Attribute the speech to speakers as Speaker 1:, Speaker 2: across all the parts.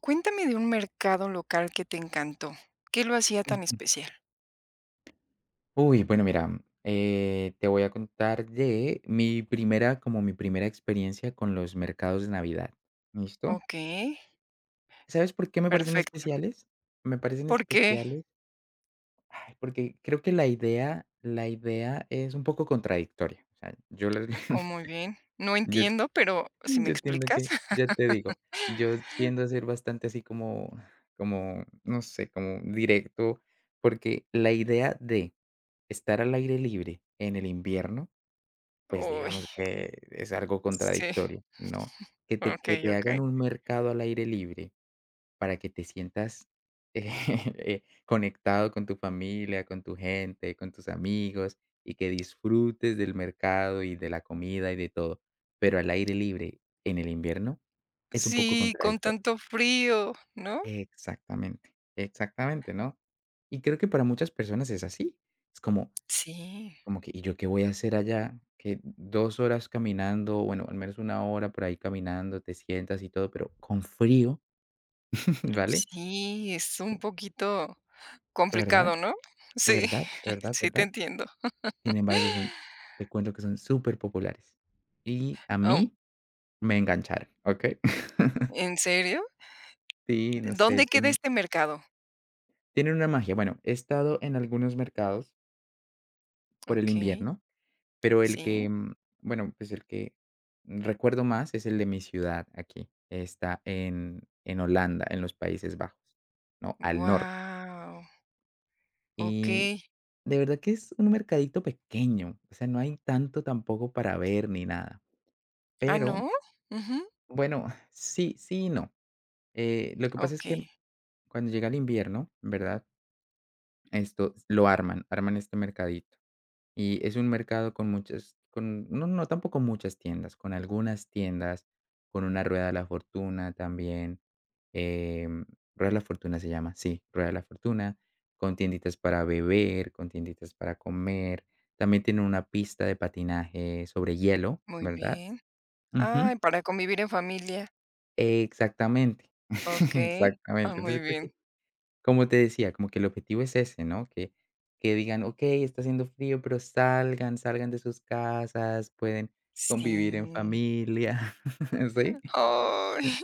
Speaker 1: Cuéntame de un mercado local que te encantó, ¿qué lo hacía tan
Speaker 2: Ujú.
Speaker 1: especial?
Speaker 2: Uy, bueno, mira, eh, te voy a contar de mi primera como mi primera experiencia con los mercados de Navidad, ¿listo?
Speaker 1: Okey.
Speaker 2: ¿Sabes por qué me parecen
Speaker 1: Perfecto.
Speaker 2: especiales? Me parecen
Speaker 1: ¿Por qué?
Speaker 2: especiales Ay, porque creo que la idea la idea es un poco contradictoria. O sea, yo lo
Speaker 1: Oh, muy bien. No
Speaker 2: yo
Speaker 1: entiendo, pero si me
Speaker 2: yo tiendo
Speaker 1: explicas.
Speaker 2: que ya te digo, yo tiendo a ser bastante así como como no sé, como directo, porque la idea de estar al aire libre en el invierno, pues,
Speaker 1: Uy.
Speaker 2: digamos que es algo
Speaker 1: Sí.
Speaker 2: contradictorio, ¿no? Que te que
Speaker 1: Okey,
Speaker 2: te hagan
Speaker 1: okey.
Speaker 2: un mercado al aire libre para que te sientas, eh, conectado con tu familia, con tu gente, con tus amigos y que disfrutes del mercado y de la comida y de todo. Pero al aire libre en el invierno es un poco
Speaker 1: Sí, con
Speaker 2: contradictorio.
Speaker 1: tanto frío, ¿no?
Speaker 2: Exactamente. Exactamente, ¿no? Y creo que para muchas personas es así. Es como
Speaker 1: Sí.
Speaker 2: como que y yo ¿qué voy a hacer allá? Que 2 horas caminando. Bueno, al menos 1 hora por ahí caminando, te sientas y todo, pero con frío. Vale.
Speaker 1: Sí, es un poquito
Speaker 2: ¿Verdad?,
Speaker 1: complicado, ¿no? Sí,
Speaker 2: ¿verdad?, ¿verdad,
Speaker 1: sí, te
Speaker 2: ¿verdad?
Speaker 1: entiendo.
Speaker 2: Sin embargo son te cuento que son superpopulares y a
Speaker 1: Am.
Speaker 2: mí me engancharon, ¿okey?
Speaker 1: ¿En serio?
Speaker 2: Sí, no sé,
Speaker 1: ¿Dónde queda
Speaker 2: tiene
Speaker 1: este mercado?
Speaker 2: Tiene una magia, bueno, he estado en algunos mercados. Por el
Speaker 1: Okey,
Speaker 2: invierno, pero el que,
Speaker 1: sí.
Speaker 2: mm, bueno, pues, el que recuerdo más es el de mi ciudad. Aquí está en en Holanda, en los Países Bajos, ¿no?, al norte.
Speaker 1: ¡Guau!
Speaker 2: Y,
Speaker 1: Okey.
Speaker 2: de verdad que es un mercadito pequeño. O sea, no hay tanto tampoco para ver ni nada,
Speaker 1: ¿Ah,
Speaker 2: pero
Speaker 1: no?, ujú.
Speaker 2: Bueno, sí, sí y no, eh, lo que pasa es que,
Speaker 1: Okey.
Speaker 2: cuando llega el invierno, ¿verdad? Esto lo arman, arman este mercadito. Y es un mercado con muchas con no, no, tampoco muchas tiendas, con algunas tiendas, con una rueda de la fortuna también, eh, rueda de la fortuna se llama, sí, rueda de la fortuna, con tienditas para beber, con tienditas para comer. También tiene una pista de patinaje sobre hielo,
Speaker 1: Muy
Speaker 2: ¿verdad?
Speaker 1: bien,
Speaker 2: Ujú.
Speaker 1: ah, para convivir en familia.
Speaker 2: Exactamente,
Speaker 1: Okey, ah,
Speaker 2: exactamente.
Speaker 1: muy
Speaker 2: Entonces creo
Speaker 1: bien.
Speaker 2: que, como te decía como que el objetivo es ese, ¿no?, que que digan okey, está haciendo frío, pero salgan, salgan de sus casas, pueden convivir en
Speaker 1: Sí.
Speaker 2: familia. Sí,
Speaker 1: ¡Ay!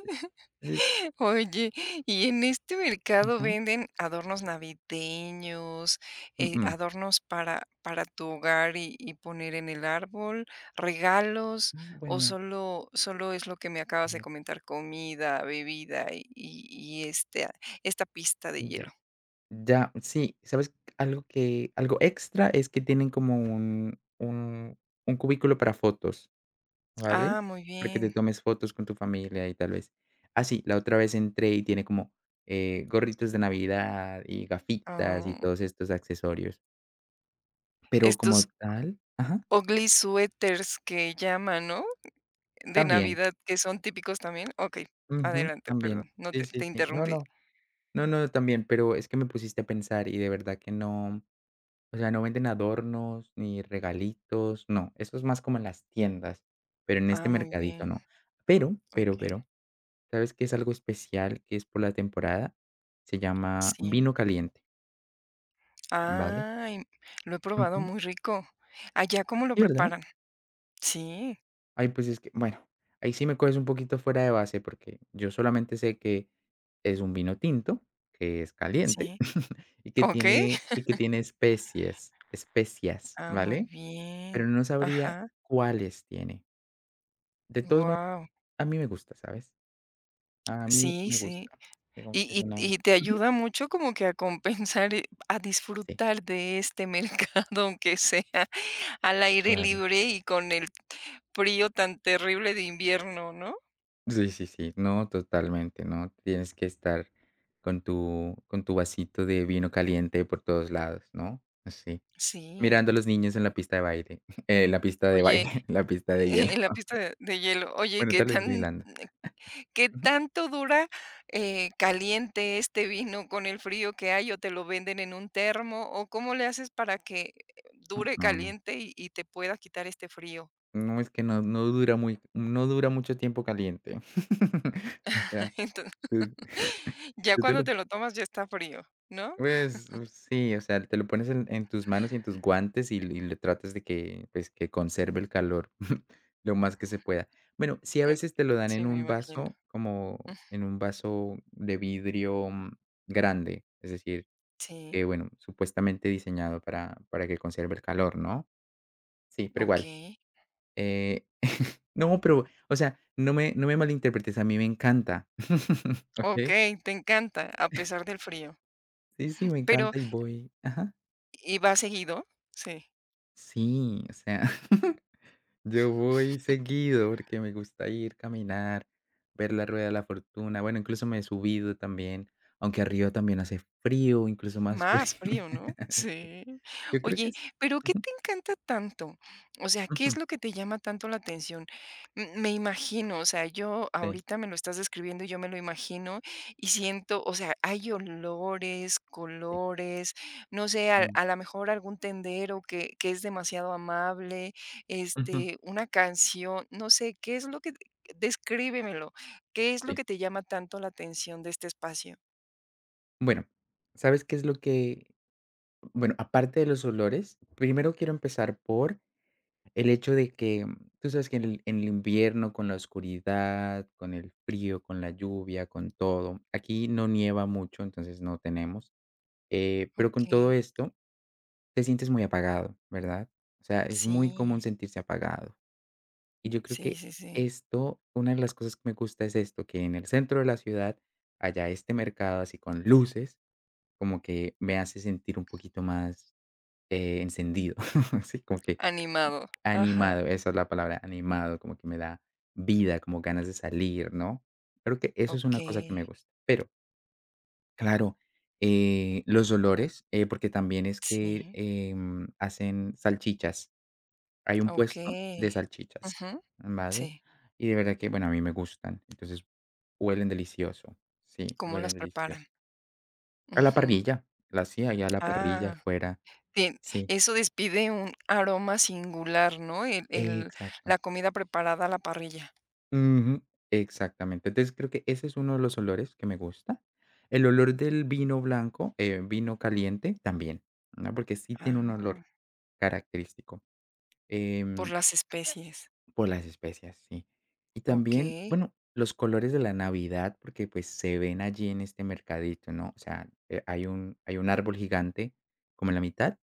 Speaker 2: sí, sí.
Speaker 1: Oye, y en este mercado
Speaker 2: Ujú.
Speaker 1: ¿venden adornos navideños, eh,
Speaker 2: Uh-uh.
Speaker 1: adornos para para tu hogar y y poner en el árbol, regalos?,
Speaker 2: Mm,
Speaker 1: o
Speaker 2: bueno.
Speaker 1: solo solo es lo que me
Speaker 2: A
Speaker 1: acabas de
Speaker 2: ver.
Speaker 1: comentar, comida, bebida y y y este, ah, esta pista de
Speaker 2: Ya,
Speaker 1: hielo.
Speaker 2: ya, sí, ¿sabes?, algo que, algo extra es que tienen como un un un cubículo para fotos, ¿vale?,
Speaker 1: Ah, muy
Speaker 2: para que te
Speaker 1: bien.
Speaker 2: tomes fotos con tu familia y tal vez. Ah, sí, la otra vez entré y tiene como, eh, gorritos de Navidad y gafitas y
Speaker 1: Ah.
Speaker 2: todos estos accesorios. Pero como
Speaker 1: Estos
Speaker 2: tal Ajá.
Speaker 1: ugly sweaters que llaman, ¿no?, de
Speaker 2: También.
Speaker 1: Navidad, que son típicos también. Okey,
Speaker 2: Ujú,
Speaker 1: adelante,
Speaker 2: también.
Speaker 1: perdón. No, te
Speaker 2: Sí, sí,
Speaker 1: te
Speaker 2: sí. No,
Speaker 1: interrumpí.
Speaker 2: no, no, no, también, pero es que me pusiste a pensar y de verdad que no o sea, no venden adornos, ni regalitos No, eso es más como en las tiendas, pero en
Speaker 1: Ah,
Speaker 2: este
Speaker 1: muy
Speaker 2: mercadito
Speaker 1: bien.
Speaker 2: no. Pero, pero
Speaker 1: Okey.
Speaker 2: pero, ¿sabes que es algo especial, que es por la temporada?, se llama
Speaker 1: Sí.
Speaker 2: vino caliente. Vale.
Speaker 1: Ah, y lo he probado
Speaker 2: Ujú
Speaker 1: muy rico. ¿Allá cómo lo
Speaker 2: Sí, ¿verdad?
Speaker 1: preparan? Sí.
Speaker 2: Ay, pues es que bueno, ahí sí me coges un poquito fuera de base, porque yo solamente sé, que es un vino tinto, que es caliente
Speaker 1: Sí.
Speaker 2: y que
Speaker 1: Okey.
Speaker 2: tiene y que tiene especies especias,
Speaker 1: Ah, muy
Speaker 2: ¿vale? Pero
Speaker 1: bien,
Speaker 2: no sabría
Speaker 1: ajá.
Speaker 2: cuáles tiene. De todos mod
Speaker 1: Guau.
Speaker 2: a mí me gusta, ¿sabes? A mí
Speaker 1: Sí,
Speaker 2: me
Speaker 1: sí,
Speaker 2: gusta. Digamos
Speaker 1: y
Speaker 2: que es
Speaker 1: y t
Speaker 2: una
Speaker 1: y te
Speaker 2: Ujú.
Speaker 1: ayuda mucho como que a compensar, eh, a
Speaker 2: Sí.
Speaker 1: disfrutar de este mercado, aunque sea al aire
Speaker 2: Claro.
Speaker 1: libre y con el frío tan terrible de invierno, ¿no?
Speaker 2: Sí, sí, sí. No, totalmente. No, tienes que estar con tu con tu vasito de vino caliente por todos lados, ¿no? Sí,
Speaker 1: Sí.
Speaker 2: mirando a los niños en la pista de baile, eh, la pista de
Speaker 1: Oye
Speaker 2: baile. La pista de
Speaker 1: Eh
Speaker 2: hielo.
Speaker 1: en la pista de hielo. Oye. Y
Speaker 2: Bueno,
Speaker 1: qué
Speaker 2: tal vez
Speaker 1: tan
Speaker 2: bailando.
Speaker 1: ¿qué
Speaker 2: Ujú.
Speaker 1: tanto dura, eh, caliente este vino con el frío que hay? ¿O te lo venden en un termo o cómo le haces para que dure
Speaker 2: Uh-uh.
Speaker 1: caliente y y te pueda quitar este frío?
Speaker 2: No, es que no. No dura muy no dura mucho tiempo caliente. O sea,
Speaker 1: Enton
Speaker 2: tú
Speaker 1: Ya
Speaker 2: Yo te
Speaker 1: cuando
Speaker 2: lo
Speaker 1: te
Speaker 2: p
Speaker 1: lo tomas, ya está frío, ¿no?
Speaker 2: Pues, u sí, o sea, te lo pones en en tus manos y en tus guantes y l le tratas de que, pues, que conserve el calor, lo más que se pueda. Bueno, sí, a veces te lo dan
Speaker 1: Sí,
Speaker 2: en
Speaker 1: me
Speaker 2: un
Speaker 1: imagino. Ujú.
Speaker 2: vaso como en un vaso de vidrio, mm, grande, es decir,
Speaker 1: Sí.
Speaker 2: que bueno, supuestamente diseñado para para que conserve el calor, ¿no? Sí, pero igual,
Speaker 1: Okey.
Speaker 2: eh No, pero o sea, no me no me malinterpretes, a mí me encanta, Okey.
Speaker 1: Okey, te encanta, a pesar del frío.
Speaker 2: Sí, sí, me
Speaker 1: Pero
Speaker 2: encanta y voy Ajá.
Speaker 1: ¿Y vas seguido?, sí.
Speaker 2: Sí, o sea, yo voy seguido, porque me gusta ir, caminar, ver la rueda de la fortuna. Bueno, incluso me he subido también, aunque arriba también hace frío, incluso más.
Speaker 1: Más frío, ¿no?, sí,
Speaker 2: Yo creo
Speaker 1: ¿oye,
Speaker 2: que sí,
Speaker 1: pero qué
Speaker 2: ujú.
Speaker 1: te encanta tanto?, o sea, ¿qué es
Speaker 2: Ujú.
Speaker 1: lo que te llama tanto la atención?, m me imagino, o sea, yo
Speaker 2: Sí.
Speaker 1: ahorita me lo estás describiendo y yo me lo imagino y siento, o sea, hay olores,
Speaker 2: Sí.
Speaker 1: colores, no sé, a
Speaker 2: Mm.
Speaker 1: a la mejor algún tendero que que es demasiado amable,
Speaker 2: Ujú.
Speaker 1: este, una canción, no sé, qué es lo que d descríbemelo, ¿qué es lo
Speaker 2: Sí
Speaker 1: que te llama tanto la atención de este espacio?
Speaker 2: Bueno, ¿sabes qué es lo que? Bueno, aparte de los olores, primero quiero empezar por, el hecho de que, tú sabes que en el en el invierno con la oscuridad, con el frío, con la lluvia, con todo, aquí no nieva mucho, entonces, no tenemos, eh, pero con todo
Speaker 1: Okey.
Speaker 2: esto, te sientes muy apagado, ¿verdad? O sea, es muy común
Speaker 1: Sí.
Speaker 2: sentirse apagado. Y yo creo
Speaker 1: Sí,
Speaker 2: que,
Speaker 1: sí, sí.
Speaker 2: esto, una de las cosas que me gusta es esto, que en el centro de la ciudad haya este mercado así con luces, como que me hace sentir un poquito más, eh, encendido así como que
Speaker 1: Animado, ajá.
Speaker 2: animado, esa es la palabra, animado, como que me da vida como ganas de salir, ¿no?, creo que eso es una cosa que
Speaker 1: Okey.
Speaker 2: me gusta, pero Claro, eh, los olores, eh, porque también es que,
Speaker 1: Sí.
Speaker 2: em, hacen salchichas. Hay un puesto de
Speaker 1: Okey.
Speaker 2: salchichas,
Speaker 1: Ujú.
Speaker 2: vale,
Speaker 1: Sí.
Speaker 2: y de verdad que bueno, a mí me gustan. Entonces huelen delicioso. Sí,
Speaker 1: Como
Speaker 2: huelen
Speaker 1: las
Speaker 2: delicioso.
Speaker 1: preparan.
Speaker 2: A la
Speaker 1: Ujú.
Speaker 2: parrilla. La hace ahí a la parrilla,
Speaker 1: Ah,
Speaker 2: afuera
Speaker 1: tien
Speaker 2: Sí.
Speaker 1: eso despide un aroma singular, ¿no? El el
Speaker 2: Exacto.
Speaker 1: la comida preparada a la parrilla.
Speaker 2: Ujú. Exactamente. Entonces creo que ese es uno de los olores que me gusta. El olor del vino blanco, eh, vino caliente, también, ¿no?, porque sí tiene un
Speaker 1: Ah.
Speaker 2: olor característico,
Speaker 1: Por
Speaker 2: em
Speaker 1: las especies.
Speaker 2: por las especias, sí. Y también
Speaker 1: Okey.
Speaker 2: bueno, los colores de la Navidad, porque pues se ven allí en este mercadito, ¿no? O sea, eh, hay un hay un árbol gigante, como a la mitad,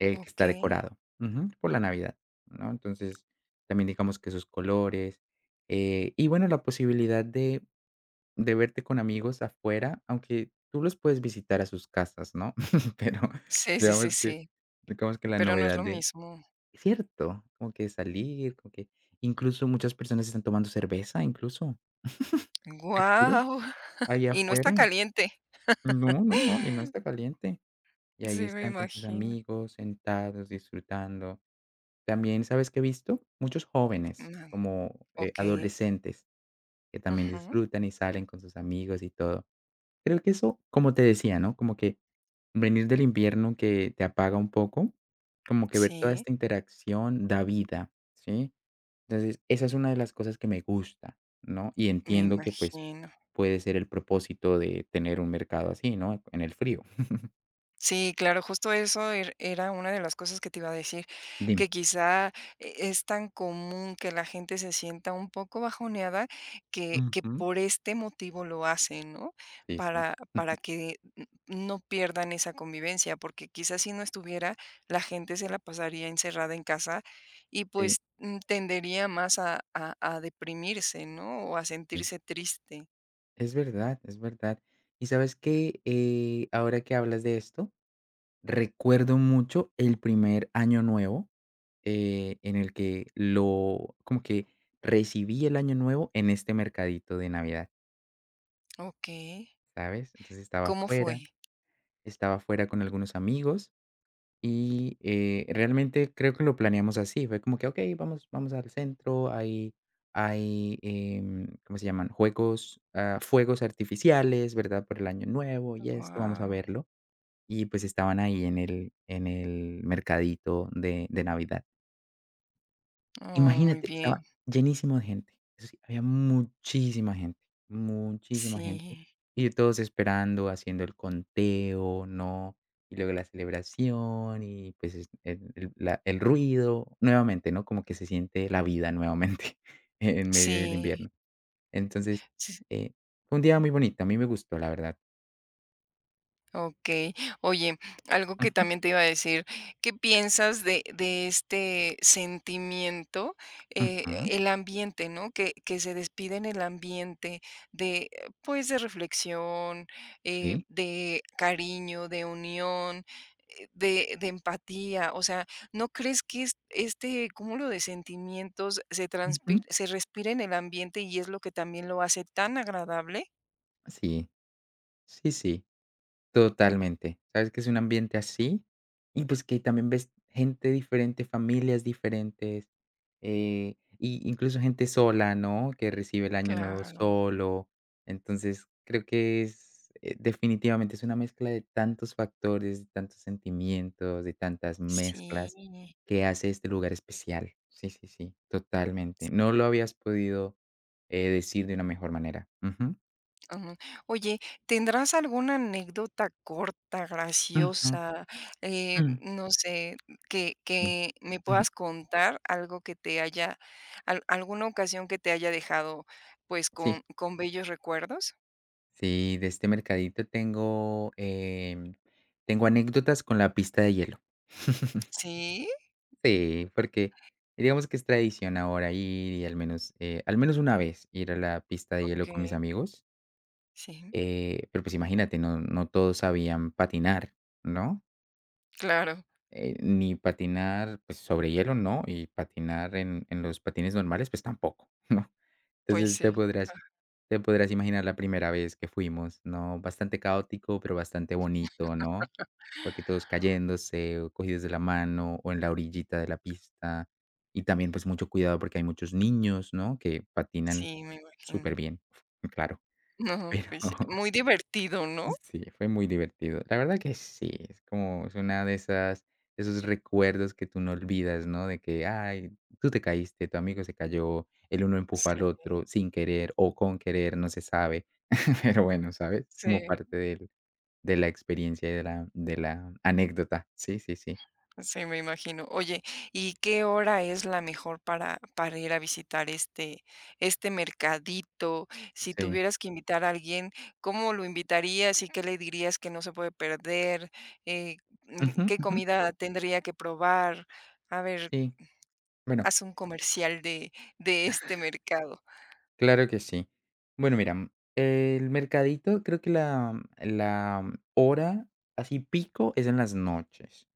Speaker 2: el que está
Speaker 1: Okey.
Speaker 2: decorado ujú, por la Navidad, ¿no? Entonces, también digamos que sus colores, eh, y bueno, la posibilidad de de verte con amigos afuera, aunque tú los puedes visitar a sus casas, ¿no? Pero
Speaker 1: Sí, sí, sí,
Speaker 2: digamos que
Speaker 1: sí.
Speaker 2: digamos que la
Speaker 1: Pero no es
Speaker 2: novedad
Speaker 1: lo
Speaker 2: de
Speaker 1: mismo.
Speaker 2: cierto, como que salir con que incluso muchas personas están tomando cerveza, incluso. Te juro
Speaker 1: Guau,
Speaker 2: ahí
Speaker 1: y no está
Speaker 2: afuera
Speaker 1: caliente.
Speaker 2: No, no, no, y no está caliente. Y
Speaker 1: Sí,
Speaker 2: ahí
Speaker 1: me
Speaker 2: están con sus
Speaker 1: imagino.
Speaker 2: amigos, sentados, disfrutando. También, ¿sabes que he visto? Muchos jóvenes
Speaker 1: [unintelligible]
Speaker 2: como, eh,
Speaker 1: Okey.
Speaker 2: adolescentes que también
Speaker 1: Ujú.
Speaker 2: disfrutan y salen con sus amigos y todo. Creo que eso como te decía, ¿no?, como que, venir del invierno que te apaga un poco, como que ver toda
Speaker 1: Sí.
Speaker 2: esta interacción da vida, ¿sí? Entonces esa es una de las cosas que me gusta, ¿no? Y
Speaker 1: Me
Speaker 2: entiendo que pues,
Speaker 1: imagino.
Speaker 2: puede ser el propósito de tener un mercado así, ¿no?, en el frío.
Speaker 1: Sí, claro, justo eso er era una de las cosas que te iba a decir
Speaker 2: Dime.
Speaker 1: que quizá e es tan común que la gente se sienta un poco bajoneada que que
Speaker 2: Ujú.
Speaker 1: por este motivo lo hacen, ¿no?,
Speaker 2: Sí, sí.
Speaker 1: para para
Speaker 2: Ujú.
Speaker 1: que n no pierdan esa convivencia, porque quizás si no estuviera, la gente se la pasaría encerrada en casa y
Speaker 2: Sí.
Speaker 1: pues, n tendería más a a a deprimirse, ¿no?, o a
Speaker 2: Sí.
Speaker 1: sentirse triste.
Speaker 2: Es verdad, es verdad. Y, ¿sabes qué?, eh, ahora que hablas de esto, recuerdo mucho el primer Año Nuevo, eh, en el que lo como que recibí el Año Nuevo en este mercadito de Navidad.
Speaker 1: Okey.
Speaker 2: ¿Sabes? Entonces estaba
Speaker 1: ¿Cómo
Speaker 2: afuera
Speaker 1: fue?
Speaker 2: estaba afuera con algunos amigos y, eh, realmente creo que lo planeamos así. Fue como que: "Okey, vamos vamos al centro". Hay hay, em, ¿cómo se llaman? Juegos, ah, fuegos artificiales, ¿verdad? Por el Año Nuevo y esto, vamos a
Speaker 1: Guau.
Speaker 2: verlo y pues, estaban ahí en el en el mercadito de de Navidad.
Speaker 1: Oh, muy
Speaker 2: Imagínate, estaba
Speaker 1: bien.
Speaker 2: llenísimo de gente. Eso sí, había muchísima gente, muchísima gente.
Speaker 1: Sí.
Speaker 2: Y todos esperando haciendo el conteo, ¿no? Y luego la celebración y, pues, es ed el la El ruido nuevamente, ¿no?, como que se siente la vida nuevamente e en medio del
Speaker 1: Sí.
Speaker 2: invierno. Entonces,
Speaker 1: S
Speaker 2: eh, fue un día muy bonito. A mí me gustó la verdad.
Speaker 1: Okey. Oye, algo que
Speaker 2: Ujú.
Speaker 1: también te iba a decir, ¿qué piensas de de este sentimiento?, eh,
Speaker 2: Ujú.
Speaker 1: el ambiente, ¿no?, que que se despide en el ambiente de, pues, de reflexión, eh,
Speaker 2: Sí.
Speaker 1: de cariño, de unión, de de empatía, o sea, ¿no crees que es este cúmulo de sentimientos se transpir
Speaker 2: Ujú.
Speaker 1: se respira en el ambiente y es lo que también lo hace tan agradable?
Speaker 2: Sí. Sí, sí. Totalmente. ¿Sabes?, que es un ambiente así y, pues, que también ves gente diferente, familias diferentes, eh, y incluso gente sola, ¿no?, que recibe el año nuevo
Speaker 1: Claro.
Speaker 2: solo, entonces, creo que es eh, definitivamente es una mezcla de tantos factores, de tantos sentimientos, de tantas mezclas
Speaker 1: Sí.
Speaker 2: que hace este lugar especial. Sí, sí, sí, totalmente.
Speaker 1: S
Speaker 2: No lo habías podido, eh, decir de una mejor manera. Ujú.
Speaker 1: Ujú. Oye, ¿tendrás alguna anécdota corta,
Speaker 2: Ujú.
Speaker 1: graciosa, eh,
Speaker 2: Mm.
Speaker 1: no sé, que
Speaker 2: Sí.
Speaker 1: que me puedas
Speaker 2: Ujú.
Speaker 1: contar algo que te haya al alguna ocasión que te haya dejado, pues,
Speaker 2: Sí.
Speaker 1: con con bellos recuerdos?
Speaker 2: Sí, de este mercadito tengo, eh, tengo anécdotas con la pista de hielo.
Speaker 1: ¿Sí?
Speaker 2: Sí, porque digamos que es tradición ahora ir y al menos, eh, al menos una vez ir a la pista de hielo con mis
Speaker 1: Okey.
Speaker 2: amigos.
Speaker 1: Sí.
Speaker 2: Eh, pero, pues, imagínate. No no todos sabían patinar, ¿no?
Speaker 1: Claro.
Speaker 2: Eh, ni patinar sobre hielo, no. Y patinar en en los patines normales, pues, tampoco, ¿no?
Speaker 1: Pues,
Speaker 2: Entonces te
Speaker 1: sí.
Speaker 2: podrás
Speaker 1: Ajá.
Speaker 2: te podrás imaginar la primera vez que fuimos, ¿no? Bastante caótico, pero bastante bonito, ¿no? Porque todos cayéndose o cogidos de la mano o en la orillita de la pista y también, pues, mucho cuidado porque hay muchos niños, ¿no? que patinan
Speaker 1: Sí, me imagino.
Speaker 2: súperbien, claro,
Speaker 1: No.
Speaker 2: pero
Speaker 1: Pues s muy divertido, ¿no?
Speaker 2: Sí, fue muy divertido. La verdad que sí, es como es una de esas de esos recuerdos que tú no olvidas, no de que "Ay, tú te caíste". Tu amigo se cayó. El uno empujó
Speaker 1: Sí.
Speaker 2: al otro sin querer o con querer. No se sabe, pero bueno, ¿sabes?, es como parte
Speaker 1: Sí.
Speaker 2: del de la experiencia de la de la anécdota. Sí, sí, sí.
Speaker 1: Sí, me imagino. Oye, ¿y qué hora es la mejor para para ir a visitar este este mercadito? Si
Speaker 2: Sí.
Speaker 1: tuvieras que invitar a alguien, ¿cómo lo invitarías y qué le dirías que no se puede perder? Eh,
Speaker 2: Ujú,
Speaker 1: ¿qué
Speaker 2: ujú.
Speaker 1: comida tendría que probar? A ver,
Speaker 2: Sí, bueno
Speaker 1: haz un comercial de de este mercado.
Speaker 2: Claro que sí. Bueno, mira, m el mercadito, creo que la la hora así pico es en las noches.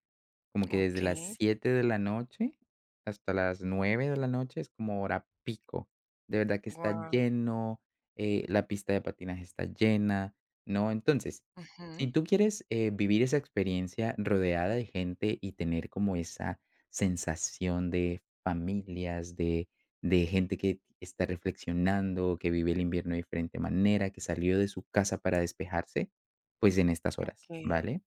Speaker 2: Como que desde las
Speaker 1: Okey.
Speaker 2: 7 de la noche hasta las 9 de la noche es como hora pico. De verdad que está
Speaker 1: Guau.
Speaker 2: lleno, eh, la pista de patinaje está llena, ¿no?, entonces, si
Speaker 1: Ujú.
Speaker 2: tú quieres, eh, vivir esa experiencia rodeada de gente y tener como esa sensación de familias de de gente que está reflexionando, que vive el invierno de diferente manera, que salió de su casa para despejarse, pues, en estas horas,
Speaker 1: Okey.
Speaker 2: ¿vale?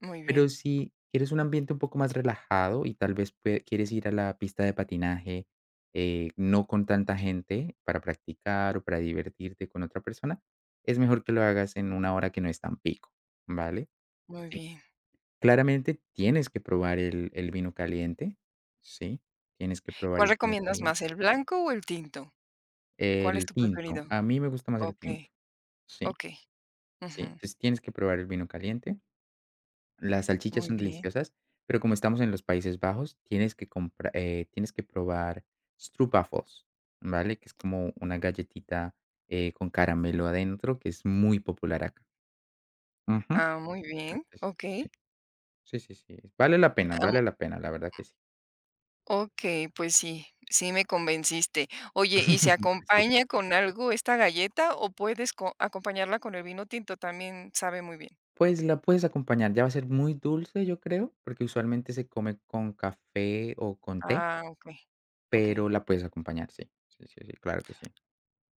Speaker 1: Muy
Speaker 2: Pero
Speaker 1: bien.
Speaker 2: si quieres un ambiente un poco más relajado y tal vez pue quieres ir a la pista de patinaje, eh, no con tanta gente para practicar o para divertirte con otra persona, es mejor que lo hagas en una hora que no es tan pico, ¿vale?
Speaker 1: Muy bien.
Speaker 2: Claramente tienes que probar el el vino caliente. Sí, tienes que probar
Speaker 1: ¿Cuál
Speaker 2: el vino
Speaker 1: recomiendas
Speaker 2: caliente.
Speaker 1: más? ¿El blanco o el tinto? ¿Cuál es
Speaker 2: El
Speaker 1: tu
Speaker 2: tinto.
Speaker 1: preferido?
Speaker 2: A mí me gusta más el
Speaker 1: Okey.
Speaker 2: tinto, sí.
Speaker 1: Okey.
Speaker 2: Sí,
Speaker 1: Ujú.
Speaker 2: tienes que probar el vino caliente. Las salchichas
Speaker 1: Muy
Speaker 2: son
Speaker 1: bien.
Speaker 2: deliciosas, pero como estamos en los Países Bajos, tienes que compra eh, tienes que probar stroopwafels, ¿vale?, que es como una galletita, eh, con caramelo adentro que es muy popular acá. Ujú
Speaker 1: Ah muy bien,
Speaker 2: [unintelligible]
Speaker 1: Okey.
Speaker 2: Sí, sí, sí, vale la pena, vale la pena, la verdad que sí.
Speaker 1: Okey, pues sí, sí me convenciste. Oye, ¿y se
Speaker 2: Súper.
Speaker 1: acompaña con algo esta galleta o puedes co acompañarla con el vino tinto? También sabe muy bien.
Speaker 2: Pues, la puedes acompañar. Ya va a ser muy dulce, yo creo, porque usualmente se come con café o con té.
Speaker 1: Ah, okey.
Speaker 2: Pero
Speaker 1: Okey.
Speaker 2: la puedes acompañar, sí, sí, sí, sí, claro que sí.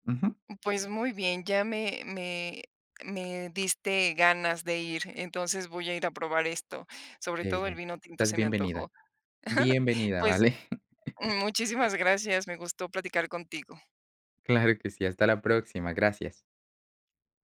Speaker 2: Ujú.
Speaker 1: Pues, muy bien, ya me me me diste ganas de ir. Entonces, voy a ir a probar esto. Sobre
Speaker 2: Qué
Speaker 1: todo el
Speaker 2: bien.
Speaker 1: vino tinto
Speaker 2: Estás
Speaker 1: se me antojó.
Speaker 2: bienvenida. Bienvenida,
Speaker 1: Pues,
Speaker 2: ¿vale?
Speaker 1: muchísimas gracias, me gustó platicar contigo.
Speaker 2: Claro que sí. Hasta la próxima. Gracias.